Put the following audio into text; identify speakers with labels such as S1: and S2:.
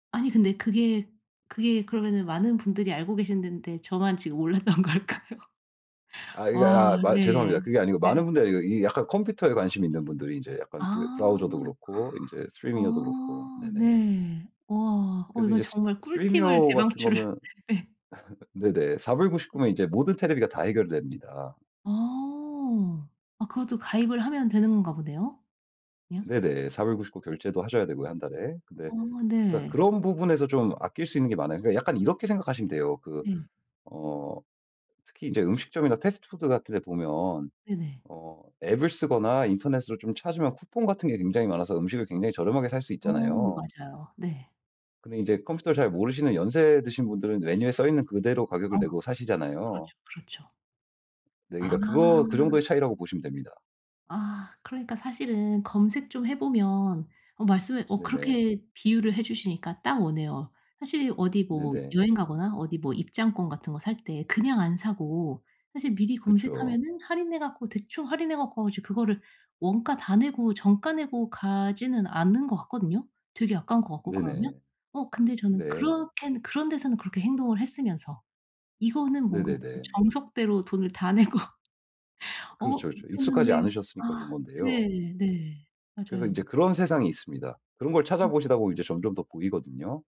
S1: 아니 근데 그게 그게 그러면은 많은 분들이 알고 계신 덴데 저만 지금 몰랐던 걸까요?
S2: 아 이게
S1: 와
S2: 아 마 죄송합니다.
S1: 네.
S2: 그게 아니고 많은
S1: 네.
S2: 분들이 아니고 이 약간 컴퓨터에 관심이 있는 분들이 이제 약간 브래
S1: 아.
S2: 브라우저도 그렇고 인제 Stremio도 그렇고
S1: 아
S2: 네네.
S1: 네. 와 어
S2: 그래서
S1: 이건
S2: 인제
S1: 정말 꿀팁을
S2: Stremio 같은
S1: 대방출을
S2: 거면
S1: 예.
S2: 네네. 4 불 99 면 이제 모든 테레비가 다 해결됩니다.
S1: 어. 아 그것도 가입을 하면 되는 건가 보네요. 그냥?
S2: 네네. 4 불 99 결제도 하셔야 되고요. 1 달에. 근데
S1: 어
S2: 그러니까
S1: 네.
S2: 그런 부분에서 좀 아낄 수 있는 게 많아요. 그러니까 약간 이렇게 생각하시면 돼요. 그
S1: 네.
S2: 어 특히 이제 음식점이나 패스트푸드 같은 데 보면
S1: 네네.
S2: 어 앱을 쓰거나 인터넷으로 좀 찾으면 쿠폰 같은 게 굉장히 많아서 음식을 굉장히 저렴하게 살 수
S1: 어
S2: 있잖아요.
S1: 맞아요. 네.
S2: 근데 이제 컴퓨터를
S1: 내가
S2: 잘 모르시는 연세 드신 분들은 메뉴에 써있는 그대로
S1: 아
S2: 가격을 내고 사시잖아요.
S1: 그렇죠. 그렇죠.
S2: 네
S1: 아.
S2: 그러니까 그거 그 정도의 차이라고 보시면 됩니다.
S1: 아 그러니까 사실은 검색 좀 해 보면 어 말씀을 어
S2: 네네.
S1: 그렇게 비유를 해 주시니까 딱 오네요. 사실 어디 뭐
S2: 네네.
S1: 여행 가거나 어디 뭐 입장권 같은 거 살 때 그냥 안 사고 사실 미리
S2: 그쵸.
S1: 검색하면은 할인해 갖고 대충 할인해 갖고 이제 그거를 원가 다 내고 정가 내고 가지는 않는 것 같거든요 되게 아까운 것 같고
S2: 네네.
S1: 그러면. 어 근데 저는
S2: 네.
S1: 그렇게는 그런 데서는 그렇게 행동을 했으면서 이거는 뭔가 되게
S2: 네네네.
S1: 정석대로 돈을 다 내고 어
S2: 그렇죠, 그렇죠. 익숙하지
S1: 있었는데
S2: 않으셨으니까 그런
S1: 아
S2: 건데요.
S1: 네네.
S2: 그래서
S1: 맞아요.
S2: 인제 그런 세상이 있습니다. 그런 걸
S1: 음.
S2: 찾아보시다 보면 이제 점점 더 보이거든요.